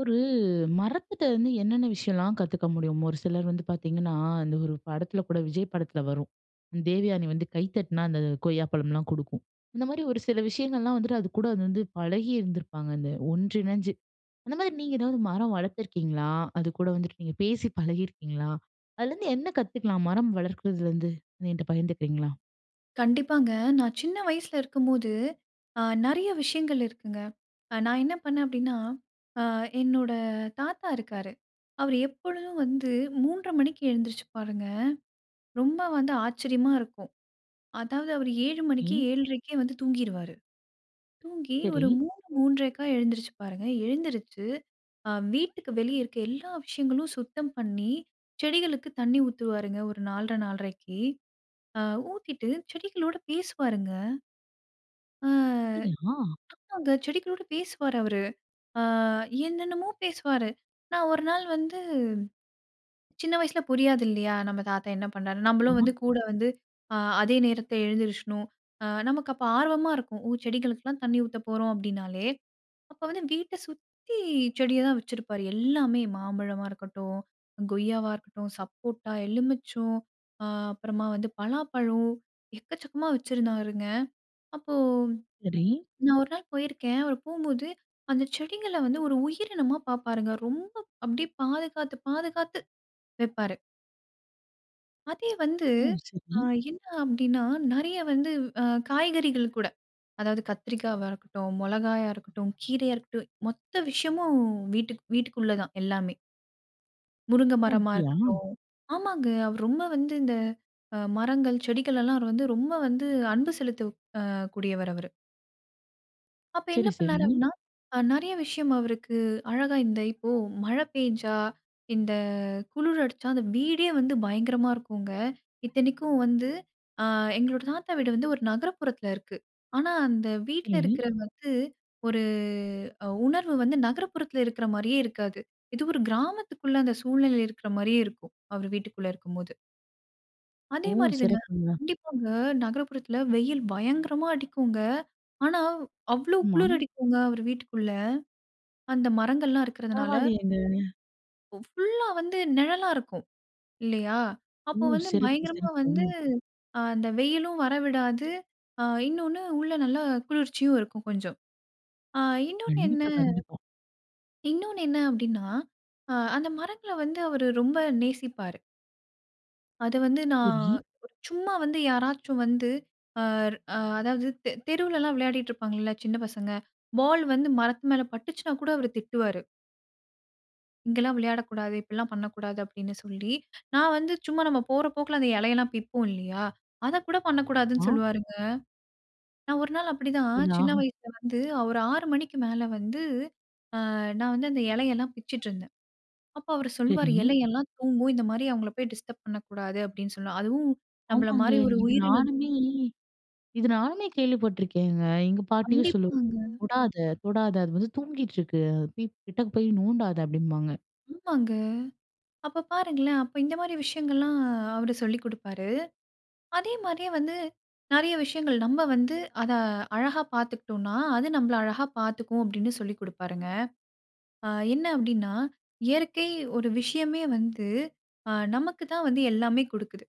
ஒரு மரத்திட்ட வந்து என்னென்ன விஷயம்லாம் கத்துக்க முடியும்? ஒரு சிலர் வந்து பாத்தீங்கன்னா, அந்த ஒரு படத்துல கூட விஜய் படத்துல வரும். தேவயானி வந்து கை தட்டுனா, அந்த கொய்யாப்பழம்லாம் குடுக்கும். இந்த மாரி ஒரு, சில விஷயங்கள்லாம் வந்துட்டு அதுக்கூட அது வந்து பழகிருந்துப்பாங்க. அந்த ஒன்று இணைஞ்சு. அந்தமாதிரி நீங்க ஏதாவது மரம் வளத்துருக்கீங்களா? அதுக்கூட வந்துட்டு நீங்க பேசி பழகியிருக்கீங்களா? அதுலேருந்து என்ன கத்துக்கலாம்? மரம் வளர்க்கறதுலேருந்து எங்கிட்ட பகிர்ந்துக்கிறீங்களா? கண்டிப்பாங்க. நான் சின்ன வயசுல இருக்கும்போது, அ நெறைய விஷயங்கள் இருக்குங்க. அ நான் என்ன பண்ணேன் அப்டீன்னா? அ என்னோட தாத்தா இருக்காரு. அவர் எப்பொழுதும் வந்து 3:30 மணிக்கு எழுந்திரிச்சுப்பாருங்க. ரொம்ப வந்து ஆச்சரியமா இருக்கும். அதாவது அவர் 7:00 மணிக்கே ம். 7:30கே வந்து தூங்கிருவாரு. தூங்கி ஒரு சரி. 3:00 3:30க்கா எழுந்திரிச்சுப்பாருங்க. எழுந்திருச்சு அ வீட்டுக்கு வெளியே இருக்குற எல்லா விஷயங்களும் சுத்தம் பண்ணி, செடிகளுக்கு தண்ணீர் ஊத்துருவாருங்க. ஒரு 4:30 4:30ககு, அ ஊத்திட்டு செடிகளோடு பேசுவாருங்க. அ அப்படியா? ஆமாங்க. செடிகளோடு பேசுவாரு அவரு. அ என்னென்னமோ பேசுவாரு. நான் ஒரு நாள் வந்து சின்ன வயசு புரியாது இல்லயா. "நம்ப தாத்தா என்ன பண்றாரு, நம்பளும் ஆமா. வந்து கூட வந்து அதே நேரத்துல எழுந்திரிச்சணும்." அ நமக்கு அப்போ ஆர்வமா இருக்கும். "ஓ! செடிகளுக்கெல்லாம் தண்ணீ ஊத்த போறோம்." அப்படினாலே. அப்போ வந்து வீட்ட சுத்தி செடிய தான் வச்சிருப்பாரு. எல்லாமே மாம்பழமா இருக்கட்டும், கொய்யாவா இருக்கட்டும், சப்போட்டா, எலுமிச்சொம் அப்புறமா வந்து பலாப்பழம் எக்கச்சக்கமா வச்சிருந்தாருங்க. அப்போ, சரி. நான் ஒரு நாள் போயிருக்கேன், அவர் போகும்போது அந்த செடிகள்ல வந்து ஒரு உயிரினமா பாப்பாருங்க. ரொம்ப அப்படியே பாதுகாத்து, பாதுகாத்து வெப்பாரு. அதே வந்து ம். அ சரி. என்ன அப்படீன்னா, நெறைய வந்து அ காய்கறிகள் கூட, அதாவது கத்திரிக்காவா இருக்கட்டும், மொளகாயா இருக்கட்டும், கீரையா இருக்கட்டும் மொத்த விஷயமும் வீட்டுக் வீட்டுக்குள்ள தான். எல்லாமே. முருங்க ஓ! மரமா அப்படியா? இருக்கட்டும் ஆமாங்க. அவர் ரொம்ப வந்து இந்த அ மரங்கள், செடிகளல்லாம் அவர் வந்து, ரொம்ப வந்து அன்பு செலுத்த அ கூடியவர் அவரு. அப்ப என்ன சரி, சரி. பண்ணாரு அப்படீன்னா, அ நெறைய விஷயம் அவருக்கு அழகா இந்த இப்போ மழை பேஞ்சா, இந்த குளிர் அடிச்சா, அந்த வீடே வந்து பயங்கரமா இருக்குங்க. இத்தனைக்கும் வந்து அ எங்களோட தாத்தா வீடு வந்து, 1 நகரப்புறத்தில இருக்கு. ஆனா அந்த வீட்ல சரி. இருக்கிறது வந்து, ஒரு அ உணர்வு வந்து நகரப்புறத்தில இருக்கிற மாரியே இருக்காது. இது ஒரு கிராமத்துக்குள்ள, அந்த சூழ்நிலையில இருக்கிற மாரியே இருக்கும். அவர் வீட்டுக்குள்ள இருக்கும்போது. ஓ! அதே மாரிதாங்க சிறப்புங்க. கண்டிப்பாங்க. நகரப்புறத்தில வெயில் பயங்கரமா அடிக்கும்ங்க. ஆனாவ், அவ்வளோ ஆமா. குளிர் அடிக்குங்க அவர் வீட்டுக்குள்ள. அந்த மரங்கள்லாம் இருக்கிறதனால. பரவால்லயேங்க. ஒ ஃபுல்‌லா வந்து நிழலா இருக்கும், இல்லையா? ஓ! அப்ப வந்து சிறப்பு, பயங்கரமா சிறப்பு. வந்து, ம். ஆ அந்த வெயிலும் வர விடாது. ஆ இன்னொன்னு, உள்ள நல்ல குளிர்ச்சியும் இருக்கும் கொஞ்சம். ஆ இன்னொன்னு என்ன கண்டிப்பா, கண்டிப்பா. இன்னொன்னு என்ன அப்படீன்னா, ஆ அந்த மரங்கள வந்து, அவரு ரொம்ப நேசிப்பாரு. அது வந்து, நான் சரி. சும்மா வந்து யாராச்சும் வந்து அ அ அதாவது தெ தெருவுல எல்லாம் விளையாடிட்டு இருப்பாங்கள்ல, சின்ன பசங்க. பால் வந்து மரத்து மேல பட்டுச்சுன்னா கூட அவரு திட்டுவாரு. "இங்கேல்லாம் விளையாடக்கூடாது. இப்படில்லாம் பண்ணக்கூடாது." அப்படின்னு சொல்லி. நான் வந்து சும்மா நம்ப போற போக்குல அந்த இலையெல்லாம் பிப்போம். இல்லயா? அத கூட பண்ணக்கூடாதுன்னு அ சொல்வாருங்க. நான் ஒரு நாள் அப்படிதான், சின்ன [unintelligible] வயசுல வந்து ஒரு 6 மணிக்கு மேல வந்து, அ நான் வந்து அந்த இலையெல்லாம் பிச்சுட்டு இருந்தேன். அப்போ அவரு சொல்வாரு, சரி. "இலையெல்லாம் தூங்கும். இந்த மாரி அவங்கள போய் டிஸ்டர்ப் பண்ணக்கூடாது." அப்படீன்னு சொல்ல "அதுவும் நம்பள ஆமாங்க. மாரி ஒரு இது உயிரினம்தா" நானுமே இது நானுமே கேள்வி பட்டுருக்கேங்க. எங்க பாட்டியும் சொல்லு கண்டிப்பாங்க. "தொடாத! தொடாத! அது வந்து தூங்கிட்டிருக்கு. அத போய், கிட்டக போய் நோண்டாத." அப்படின்பாங்க. ஆமாங்க. அப்ப பாருங்களேன்! அப்ப இந்த மாரி விஷயங்கள்லாம் அவரு சொல்லிக் குடுப்பாரு. அதே மாதிரியே வந்து நெறைய விஷயங்கள் "நம்ப வந்து அத அழகா பாத்துக்கிட்டோம்னா, அது நம்பள அழகா பாத்துக்கும்." அப்படின்னு சொல்லிக் குடுப்பாருங்க. அ என்ன அப்படின்னா? "இயற்கை ஒரு விஷயமே வந்து அ நமக்கு தான் வந்து எல்லாமே குடுக்குது."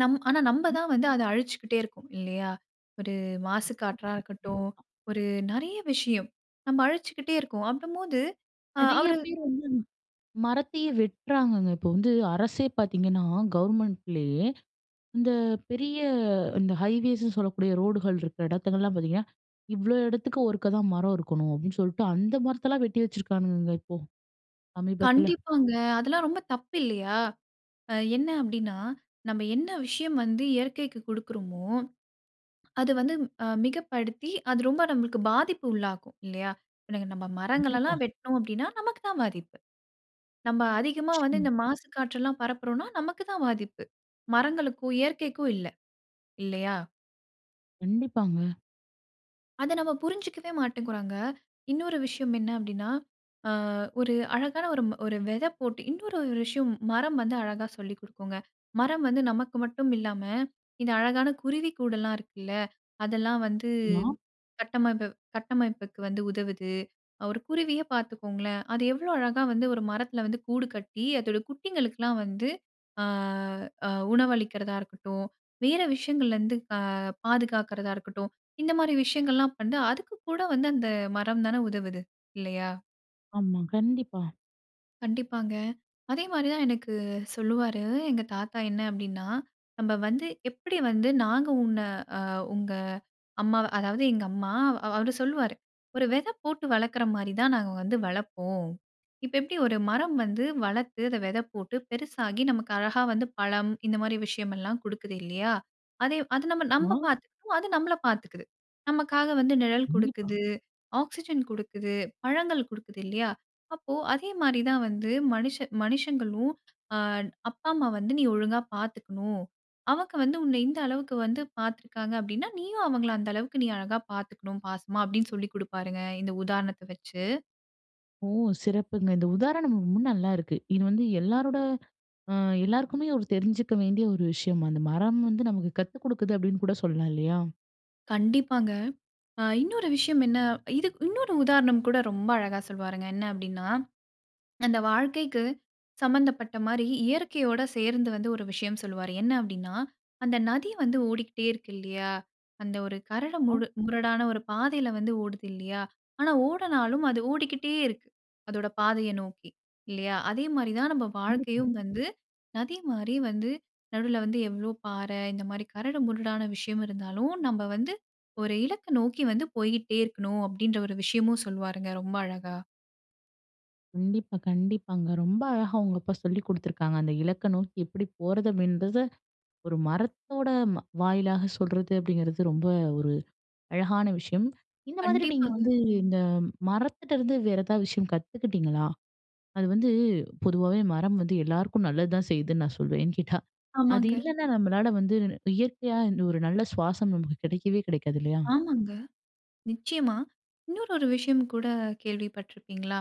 நம் ஆனா நம்ப ம். தான் வந்து அத அழிச்சுக்கிட்டே இருக்கோம், இல்லையா? ஒரு மாசு காற்றா [unintelligible] இருக்கட்டும், பா. ஒரு நெறைய விஷயம் நம்ம அழிச்சுக்கிட்டே இருக்கோம், அப்பம்போது அ நெறைய அவரு பேர் வந்து மரத்தையே வெட்டுறாங்கங்க. இப்போ வந்து அரசே பார்த்தீங்கன்னா, கவர்மெண்ட்லேயே இந்த பெரிய இந்த ஹைவேஸ்ன்னு சொல்லக்கூடிய ரோடுகள் இருக்க இடத்துங்கல்லாம் பார்த்தீங்கன்னா, "இவ்வளோ இடத்துக்கு ஒருக்கா தான் மரம் இருக்கணும்." அப்படீன்னு சொல்ட்டு, அந்த மரத்தல்லாம் வெட்டி வச்சிருக்கானுங்கங்க இப்போ, சமீபத்தில. கண்டிப்பாங்க. அதெல்லாம் ரொம்ப தப்பு இல்லையா? அ என்ன அப்படீன்னா, நம்ம என்ன விஷயம் வந்து இயற்கைக்கு கொடுக்குறோமோ, அது வந்து அ மிகப்படுத்தி அது ரொம்ப நம்பளுக்கு பாதிப்பு உள்ளாக்கும், இல்லையா? இன்னைக்கு நம்ம கண்டிப்பா. மரங்களல்லாம் வெட்டுனோம் அப்படீன்னா, நமக்கு தான் பாதிப்பு. நம்ம அதிகமா வந்து ம், இந்த மாசு காற்றுல்லாம் பரப்புறோன்னா, நமக்கு தான் பாதிப்பு. மரங்களுக்கும், இயற்கைக்கும் இல்ல, இல்லையா? கண்டிப்பாங்க. அத நம்ம புரிஞ்சுக்கவே மாட்டேங்குறோங்க. இன்னொரு விஷயம் என்ன அப்படீன்னா, அ ஒரு அழகான ஒரு ம் ஒரு வெதை போட்டு இன்னொரு ஒரு விஷயம் மரம் வந்து அழகா சொல்லி குடுக்குங்க. மரம் வந்து நமக்கு மட்டும் இல்லாம, இந்த அழகான குருவிக்கூடெல்லாம் இருக்குல்ல, அதெல்லாம் வந்து நா. கட்டமப்பு கட்டமைப்புக்கு வந்து உதவுது. ஒரு குருவியே பாத்துக்கோங்களேன், அது எவ்வளோ அழகா வந்து ஒரு மரத்தில வந்து கூடு கட்டி அதோட குட்டிங்களுக்குலாம் வந்து ஆ, ஆ உணவு அளிக்கிறதா இருக்கட்டும், வேற விஷயங்கள்லருந்து அ பாதுகாக்குறதா இருக்கட்டும், இந்தமாரி விஷயங்கள்லாம் வந்து, அதுக்குக்கூட வந்து அந்த மரம் தான உதவுது, இல்லையா? ஆமா, கண்டிப்பா. கண்டிப்பாங்க. அதே மாரி தான் எனக்கு சொல்லுவாரு, எங்க தாத்தா. என்ன அப்படின்னா? "நம்ம வந்து எப்படி வந்து, நாங்க உன்ன அ உங்க அம்மாவ அதாவது எங்க அம்மா." அவ் அவரு சொல்லுவாரு, "ஒரு விதை போட்டு வளக்கிற மாரி தான், நாங்க வந்து வளப்போம். இப்போ எப்படி ஒரு மரம் வந்து வளர்த்து, அதை விதை போட்டு, பெருசாகி நமக்கு அழகா வந்து பழம், இந்த மாரி விஷயம் எல்லாம் குடுக்குது. இல்லையா? அதே அது நம்ம நம்ப [unintelligible] பாத்துக்கும். அது நம்மள பாத்துக்குது. நமக்காக வந்து நிழல் கண்டிப்பா. குடுக்குது. ஆக்சிஜன் குடுக்குது. பழங்கள் குடுக்குது இல்லையா? அப்போ, அதே மாரி தான் வந்து, மனுஷ மனுஷங்களும் அ அப்பா, அம்மா வந்து நீ ஒழுங்கா பாத்துக்கணும். அவங்க வந்து, உன்னை இந்த அளவுக்கு வந்து பாத்துருக்காங்க அப்படின்னா, நீயும் அவங்கள அந்த அளவுக்கு, நீ அழகா பாத்துக்கணும், பாசமா." அப்படின்னு சொல்லி குடுப்பாருங்க, இந்த உதாரணத்தை வெச்சு. ஓ! சிறப்புங்க. இந்த உதாரணம் ரொம்ப நல்லாருக்கு. இது வந்து எல்லாருட அ எல்லாருக்குமே ஒரு தெரிஞ்சுக்க வேண்டிய ஒரு விஷயம். "அந்த மரம் வந்து, நமக்கு கத்துக்குடுக்குது." அப்படின்னு கூட சொல்லலாம் இல்லையா? கண்டிப்பாங்க. அ இன்னொரு விஷயம் என்ன இதுக் இன்னொரு உதாரணம் கூட ரொம்ப அழகா சொல்வாருங்க. என்ன அப்டின்னா அந்த வாழ்க்கைக்கு சம்மந்தப்பட்ட மாரி இயற்கையோட சேர்ந்து வந்து, ஒரு விஷயம் சொல்லுவாரு. என்ன அப்டின்னா? "அந்த நதி வந்து ஓடிகிட்டே இருக்கு. இல்லையா! அந்த ஒரு கரடு முடு முரடான ஒரு பாதையில வந்து ஓடுது. இல்லையா! ஆனா ஓடுனாலும், அது ஓடிக்கிட்டே இருக்கு, அதோட பாதைய நோக்கி. இல்லையா? அதே மாரி தான் நம்ம கண்டிப்பா. வாழ்க்கையும் வந்து, நதி மாரி வந்து நடுவுல வந்து, எவ்வளோ பாறை இந்த மாரி கரடு முரடான விஷயம் இருந்தாலும், நம்ப வந்து ஒரு இலக்க நோக்கி வந்து போய்க்கிட்டே இருக்கணும்." அப்படின்ற ஒரு விஷயமும் சொல்வாருங்க, ரொம்ப அழகா. கண்டிப்பா, கண்டிப்பாங்க. ரொம்ப அழகா உங்க அப்பா சொல்லி குடுத்துருக்காங்க. அந்த இலக்கணம் எப்படி போறது அப்படின்றத, ஒரு மரத்தோட மா வாயிலாக சொல்லுறது, அப்படிங்குறது ரொம்ப ஒரு அழகான விஷயம். இந்த மாரி நீங்க கண்டிப்பாங்க. வந்து இந்த மரத்திட்டருந்து வேற ஏதாவது விஷயம் கத்துக்கிட்டிங்களா? அது வந்து பொதுவாகவே மரம் வந்து எல்லாருக்கும் நல்லது தான் செய்யுதுன்னு நான் சொல்வேன். ஏன்னு கேட்டா, அது ஆமாங்க. இல்லனா நம்பளால வந்து நு நு இயற்கையா இந்த ஒரு நல்ல சுவாசம் நமக்கு கிடைக்கவே கிடைக்காது, இல்லயா? ஆமாங்க. நிச்சயமா இன்னொரு ஒரு விஷயம் கூட கேள்விப்பட்டிருப்பீங்களா?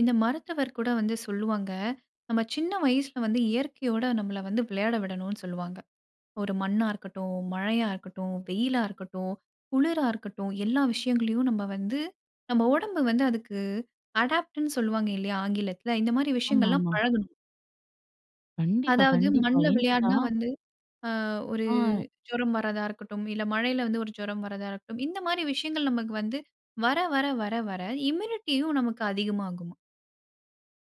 இந்த மருத்துவர் கூட வந்து சொல்லுவாங்க, நம்ப சின்ன வயசுல வந்து இயற்கையோட நம்பள வந்து விளையாட விடனும்னு சொல்லுவாங்க. ஒரு மண்ணா இருக்கட்டும், மழையா இருக்கட்டும், வெயிலா இருக்கட்டும், குளிரா இருக்கட்டும் எல்லா விஷயங்களையும் நம்ப வந்து நம்ப உடம்பு வந்து அதுக்கு அடாப்ட்னு சொல்வாங்க இல்லயா, ஆங்கிலத்துல? இந்த மாதிரி விஷயங்கள்லாம் ஆமாமா. பழகணும். கண்டிப்பா அதாவது கண்டிப்பா. மண்ணுல ஏன்னு கேட்டா விளையாடினா வந்து ஆ ஒரு ஆ. ஜுரம் வரதா இருக்கட்டும், இல்ல மழையில வந்து ஒரு ஜுரம் வரதா இருக்கட்டும், இந்த மாதிரி விஷயங்கள் நமக்கு வந்து வர வர வர வர இம்யூனிட்டியும் நமக்கு அதிகமாகுமாம்.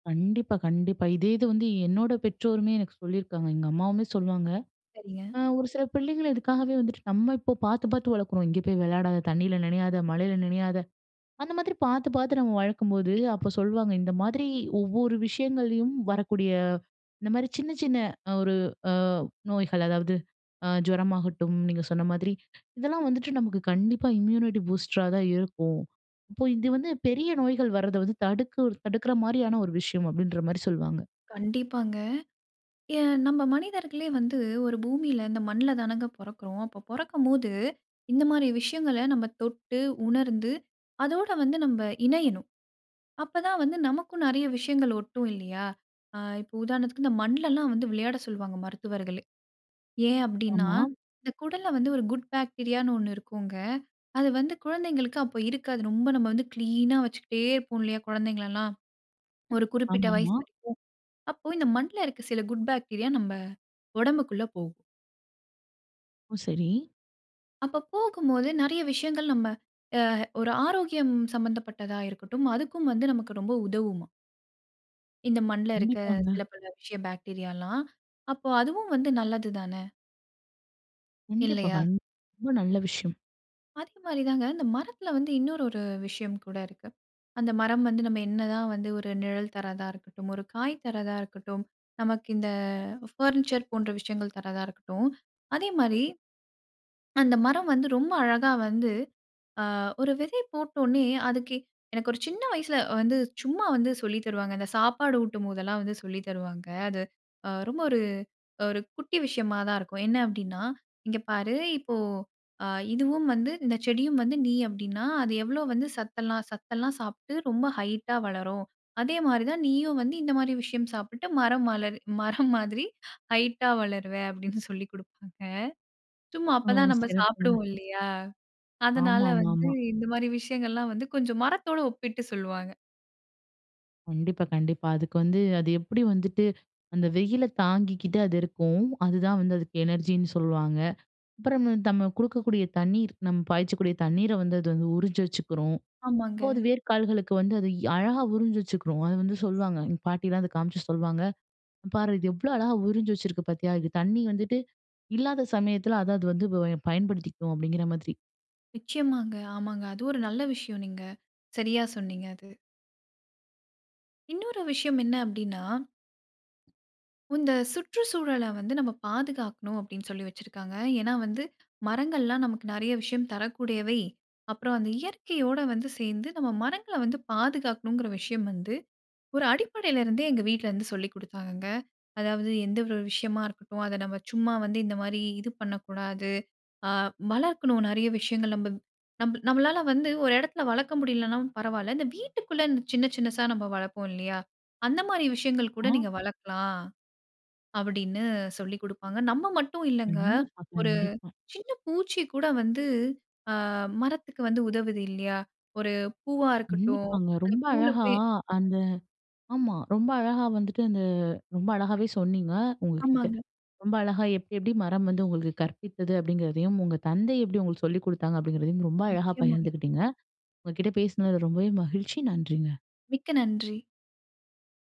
கண்டிப்பா, கண்டிப்பா. இதே இது வந்து என்னோட பெற்றோருமே எனக்கு சொல்லியிருக்காங்க. எங்க அம்மாவுமே சொல்லுவாங்க. சரிங்க. அ ஒரு சில பிள்ளைங்கள் இதுக்காகவே வந்துட்டு நம்ம இப்போ பார்த்து, பார்த்து வளர்க்குறோம். இங்கே போய் விளையாடாத! தண்ணில நினையாத! மழையில நினயாத! அந்த மாதிரி பார்த்து, பார்த்து நம்ம வளர்க்கும்போது, அப்போ சொல்வாங்க, இந்த மாதிரி ஒவ்வொரு விஷயங்கள்லயும் வரக்கூடிய இந்தமாரி சின்ன, சின்ன அ ஒரு அ நோய்கள் அதாவது அ ஜுரமாகட்டும், நீங்க சொன்ன மாதிரி, இதெல்லாம் வந்துட்டு நமக்கு கண்டிப்பா இம்யூனிட்டி பூஸ்டரா தான் இருக்கும். அப்போ இது வந்து பெரிய நோய்கள் வர்றத வந்து தடுக்கு தடுக்கிறமாரியான ஒரு விஷயம் அப்பிடின்றமாரி சொல்வாங்க. கண்டிப்பாங்க. ஏன் நம்ம மனிதர்களே வந்து ஒரு பூமியில இந்த மண்ல தானங்க பொறக்கிறோம். அப்போ, பொறக்கும்போது, இந்த மாரி விஷயங்கள நம்ம தொட்டு, உணர்ந்து அதோடு வந்து நம்ம இணையணும். அப்பதான் வந்து நமக்கும் நிறைய விஷயங்கள் ஒட்டும் இல்லயா! அ இப்ப உதாரணத்துக்கு இந்த மண்ல எல்லாம் வந்து விளையாட சொல்வாங்க. மருத்துவர்களே, ஏன் அப்பிடின்னா, ஆமா. இந்த குடல்ல வந்து ஒரு குட் பாக்டீரியான்னு ஒண்ணு இருக்குங்க. அது வந்து குழந்தைங்களுக்கு அப்ப இருக்காது. ரொம்ப நம்ம வந்து கிளீனா வச்சுக்கிட்டே இருப்போம் இல்லயா! குழந்தைங்கள எல்லாம். ஒரு குறிப்பிட்ட வயது ஆமாமா. வரைக்கும். அப்போ இந்த மண்ல இருக்க சில குட் பாக்டீரியா நம்ப உடம்புக்குள்ள போகும். ஓ, சரி. அப்ப போகும்போது நறைய விஷயங்கள், நம்ம அ ஒரு ஆரோக்கியம் சம்பந்தப்பட்டதா இருக்கட்டும், அதுக்கும் வந்து நமக்கு ரொம்ப உதவுமாம். இந்த மண்ல இருக்க கண்டிப்பாங்க. சில பல விஷய பாக்டீரியாலாம், அப்ப அதுவும் வந்து நல்லதுதானே? கண்டிப்பா, இல்லையா? கண்டிப்பா. ரொம்ப நல்ல விஷயம். அதே மாரிதாங்க. இந்த மரத்துல வந்து இன்னொரு ஒரு விஷயம் கூட இருக்கு. அந்த மரம் வந்து நம்ம என்னதான் வந்து ஒரு நிழல் தர்றதா இருக்கட்டும், ஒரு காய் தர்றதா இருக்கட்டும், நமக்கு இந்த பர்னிச்சர் போன்ற விஷயங்கள் தர்றதா இருக்கட்டும். அதே மாரி, அந்த மரம் வந்து ரொம்ப அழகா வந்து அ ஒரு விதை போட்ட ஒடனே அதுக்கு எனக்கு ஒரு சின்ன வயசுல வந்து சும்மா வந்து சொல்லித் தருவாங்க, இந்த சாப்பாடு ஊட்டும்போதுலாம் வந்து சொல்லித் தருவாங்க. அது அ ரொம்ப ஒரு ஒரு குட்டி விஷயமாதான் இருக்கும். என்ன அப்டின்னா, "இங்க பாரு இப்போ அ இதுவும் வந்து இந்தச் செடியும் வந்து நீ அப்டின்னா, அது எவ்ளோ வந்து சத்தெல்லாம், சத்தெல்லாம் சாப்ட்டு ரொம்ப ஹைட்டா வளரும். அதே மாரி தான் நீயும் வந்து இந்த மாரி விஷயம் சாப்பிட்டு மரம் மலர் மரம் மாதிரி, ஹைட்டா வளருவ." அப்டின்னு சொல்லி குடுப்பாங்க. சும்மா ஓ, அப்பதான் நம்ம சிறப்புங்க. சாப்டுவோம் இல்லையா? அதனால ஆமா, ஆமா, வந்து ஆமா. இந்த மாரி விஷயங்கள்லாம் வந்து கொஞ்சம் மரத்தோட ஒப்பிட்டு சொல்வாங்க. கண்டிப்பா, கண்டிப்பா. அதுக்கு வந்து அது எப்டி வந்துட்டு, அந்த வெயில தாங்கிக்கிட்டு அது இருக்கும், அதுதான் வந்து அதுக்கு எனர்ஜினு சொல்வாங்க. அப்பறம் நம்ம குடுக்கக்கூடிய தண்ணீர் நம்ம பாய்ச்சக்கூடிய தண்ணீர வந்து அது வந்து உறிஞ்சி வச்சுக்குறும். அப்போ ஆமாங்க. அது வேர்க்கால்களுக்கு வந்து அது அழகா உறிஞ்சி வச்சுக்றும். அது வந்து சொல்லுவாங்க, எங்க பாட்டிலாம் இத காமிச்சு சொல்லுவாங்க. "இங்க பாரு, இது எவ்ளோ அழகா உறிஞ்சு வச்சிருக்கு பாத்தியா? இது தண்ணி வந்துட்டு இல்லாத சமயத்ல அத அது வந்து பயன்படுத்திக்கும்" அப்டிங்கற மாதிரி. நிச்சயமாங்க. ஆமாங்க அதுவும் ஒரு நல்ல விஷயம், நீங்க சரியா சொன்னீங்க அது. இன்னொரு விஷயம் என்ன அப்டீனா இந்த சுற்றுச்சூழல வந்து நம்ம பாதுகாக்கணும் அப்டீன்னு சொல்லி வச்சிருக்காங்க. ஏன்னா வந்து, மரங்கள்லாம் நமக்கு நறைய விஷயம் தரக்கூடியவை. அப்றம் அந்த இயற்கையோட வந்து சேர்ந்து, நம்ம மரங்கள வந்து பாதுகாக்கணும்ங்கற விஷயம் வந்து ஒரு அடிப்படைல இருந்தே எங்க வீட்லருந்து சொல்லிக்குடுத்தாங்கங்க. அதாவது எந்த ஒரு விஷயமா இருக்கட்டும், அத நம்ம சும்மா வந்து இந்த மாரி இது பண்ணக்கூடாது. அ வளர்க்கணும் நறைய விஷயங்கள் நம்ம நம் நம்மளால வந்து ஒரு எடத்துல வளர்க்க முடியலனாலும் பரவால்ல, இந்த வீட்டுக்குள்ள இந்த சின்ன, சின்னசா நம்ம வளர்ப்போம் இல்லையா? அந்த மாரி விஷயங்கள் கூட அ. நீங்க வளர்க்கலாம். அப்டீன்னு சொல்லிக்குடுப்பாங்க. நம்ம மட்டும் இல்லங்க, கண்டிப்பா, ஒரு கண்டிப்பா. சின்ன பூச்சி கூட வந்து அ மரத்துக்கு வந்து உதவுது இல்லையா? ஒரு பூவா இருக்கட்டும், நின்னிப்பாங்க, அந்த ரொம்ப பூவ்ல அழகா. போய் அந்த ஆமா ரொம்ப அழகா வந்துட்டு, அந்த ரொம்ப அழகாவே சொன்னீங்க. உங்ககிட்ட ஆமாங்க. ரொம்ப அழகா எப்டி, எப்டி மரம் வந்து உங்களுக்கு கற்பித்தது? அப்டீங்கறதையும், உங்க தந்தை எப்டி உங்களுக்கு சொல்லிக்குடுத்தாங்க? அப்டீங்கறதையும் ரொம்ப அழகா நிச்சயமாங்க. பகிர்ந்துக்கிட்டீங்க. உங்ககிட்ட பேசுனதுல ரொம்பவே மகிழ்ச்சி நன்றிங்க. மிக்க நன்றி.